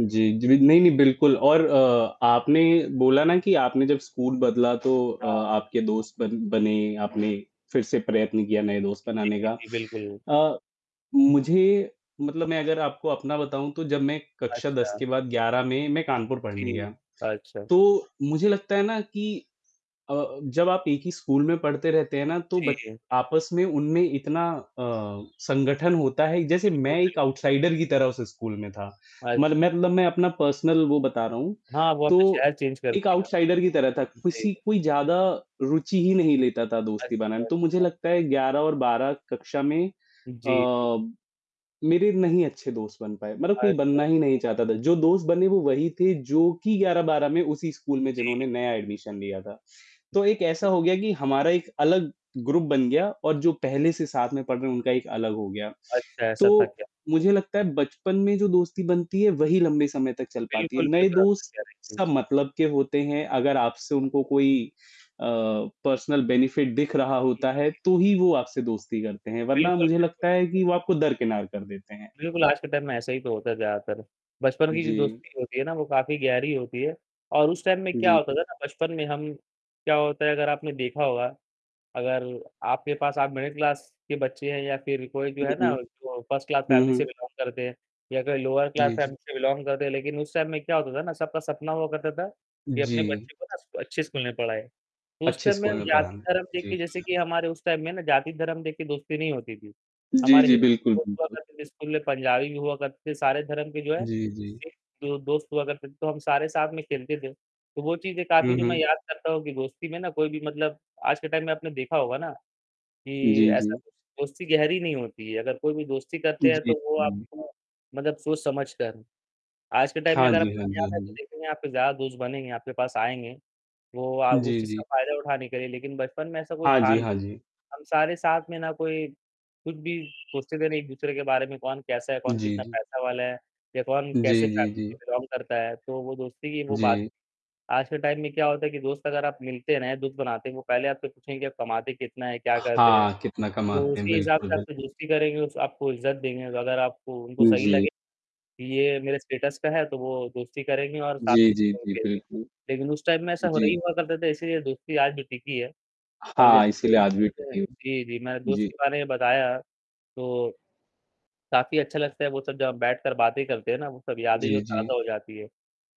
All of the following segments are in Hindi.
जी, जी। नहीं, नहीं। बिल्कुल और अ, आपने ये बोला ना कि आपने जब स्कूल बदला तो अ, हाँ। आपके दोस्त बन बने, आपने फिर से प्रयत्न किया नए दोस्त बनाने जी, का जी। बिल्कुल। अ, मुझे मतलब मैं अगर आपको अपना बताऊँ तो जब मैं कक्षा 10 अच्छा। के बाद 11 में मैं कानपुर पढ़ने जी। गया, अच्छा। तो मुझे लगता है ना कि अ, जब आप एक ही स्कूल में पढ़ते रहते हैं ना तो ब जी। आपस में उनमें इतना अ, संगठन होता है जैसे बिल्कुल, मैं एक बिल्कुल। आउटसाइडर की तरह उस स्कूल में था, मल अच्छा। मतलब मैं अपना पर्सनल वो बता रहा हूँ, हाँ, वो आपने तो शहर चेंज कर एक दिया। आउटसाइडर की तरह था। जी। किसी कोई ज़्यादा रुचि ही नहीं लेता था दोस्ती बनाने अच्छा, में, तो मुझे अच्छा। लगता है 11 और 12 कक्षा में जी, जी। अ मेरे नहीं अच्छे दोस्त बन पाए, मतलब अच्छा, कोई बनना अच्छा। ही नहीं चाहता था, जो दोस्त बने वो वही थे जो कि 11-12 में उसी स्कूल में जी। जिन्होंने नया एडमिशन लिया था, तो एक ऐसा [unintelligible] हो गया कि हमारा एक अलग ग्रुप बन जी। गया और जो पहले से साथ में पढ़ रहे हैं, उनका एक अलग हो गया। अच्छा, ऐसा थक तो गया। मुझे लगता है बचपन में जो दोस्ती बनती है वही लंबे समय तक चल पाती है, बिल्कुल, नए बिल्कुल। आप सही दोस्त कह रहे हैं। सब [unintelligible] मतलब के होते हैं अगर आपसे उनको कोई अ, पर्सनल बेनिफिट दिख रहा जी, होता है, जी, तो जी। ही वो आपसे दोस्ती करते हैं वरना बिल्कुल, मुझे बिल्कुल। लगता है कि वो आपको दरकिनार कर देते हैं। बिल्कुल, आज के टाइम में ऐसा ही तो होता है ज़्यादातर, बचपन की जो जी। दोस्ती होती है ना वो काफ़ी गहरी होती है और उस टाइम में क्या जी। होता था ना बचपन में हम क्या होता है अगर आपने देखा होगा, अगर आपके पास आप मिडिल क्लास के बच्चे हैं या फिर कोई जो है उहुँ। ना जो फर्स्ट क्लास हुँ, फैमिली से हुँ। बिलॉन्ग करते हैं या कोई लोअर क्लास जी, जी। फैमिली से बिलॉन्ग करते हैं, लेकिन उस टाइम में क्या होता था ना, सबका सपना हुआ करता था उ, कि अपने जी। बच्चे को ना स अच्छे स्कूल में पढ़ाएँ, उस अच्छे टाइम में स्कूल हम में पढ़ाना। जाति-धर्म देख जी। के जैसे कि हमारे उस टाइम में ना जाति-धर्म देख के दोस्ती नहीं होती थी, जी, हमारे जी। हिंदी बिल्कुल, दोस्त हुआ बिल्कुल। करते थे स्कूल में, पंजाबी भी हुआ करते थे, सारे धर्म के जो है जी, जी। [unintelligible] जो दोस्त हुआ करते थे तो हम सारे साथ में खेलते थे, तो वो चीज़ें काफ़ी हुँ, जो मैं हुँ। याद करता हूँ कि दोस्ती में ना कोई भी मतलब आज के टाइम में आपने देखा होगा ना कि जी, ऐसा जी। [unintelligible] दोस्ती गहरी नहीं होती है, अगर कोई भी दोस्ती उ, करते हैं जी। तो वो जी। आपको मतलब सोच-समझ कर। आज के टाइम में हाँ अगर आप जी, हाँ कामयाब जी, हाँ हैं तो जी। देखेंगे आपके ज्यादा दोस्त बनेंगे, आपके पास आएँगे, वो अ, उस जी, चीज़ का जी। फायदा उठाने के लिए लेकिन बचपन में ऐसा कुछ हाँ था जी, नहीं, हाँ जी। हम सारे साथ में ना कोई कुछ भी सोचते ही नहीं थे एक-दूसरे के बारे में, कौन कैसा है, जी, कौन कितना जी। पैसा वाला है या कौन जी, कैसी जी, जी। फॅमिली से बिलॉन्ग करता है, तो वो दोस्ती की वो बात जी। आज के टाइम में क्या होता है कि दोस्त अगर आप मिलते हैं ना, या दोस्त बनाते हैं, वो पहले आपसे पूछेंगे आप कमाते कितना हैं? क्या करते हैं? हाँ, कितना तो कमाते हैं। उसी हिसाब बिल्कुल, से बि आपसे दोस्ती करेंगे, उस आपको इज़्ज़त देंगे, अगर आपको उनको उ, सही जी। लगे, ये मेरे स्टेटस का है, तो वो दोस्ती करेंगे और साथ जी, जी, जी। [unintelligible] बिल्कुल। लेकिन उस टाइम में ऐसा नहीं जी। हुआ करता था इसीलिए दोस्ती आज भी टिकी है और हाँ, जैसे कि इसीलिए आज भी टिके [unintelligible] जी, जी मैंने दोस्त जी। के बारे में बताया, तो काफ़ी अच्छा लगता है वो सब जब हम बैठकर बातें करते हैं ना, वो सब यादें जी, जो जी। ताज़ा हो जाती हैं,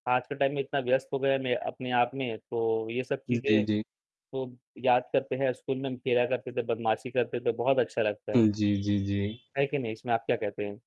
आज के टाइम में इतना व्यस्त हो गए हैं, मैं अपने आप में, तो ये सब चीज़ें जी, जी। तो याद करते हैं स्कूल में हम फिरा करते थे, बदमाशी करते थे, तो बहुत अच्छा लगता है। हुँ। जी, जी, जी। है कि नहीं? इसमें आप क्या कहते हैं?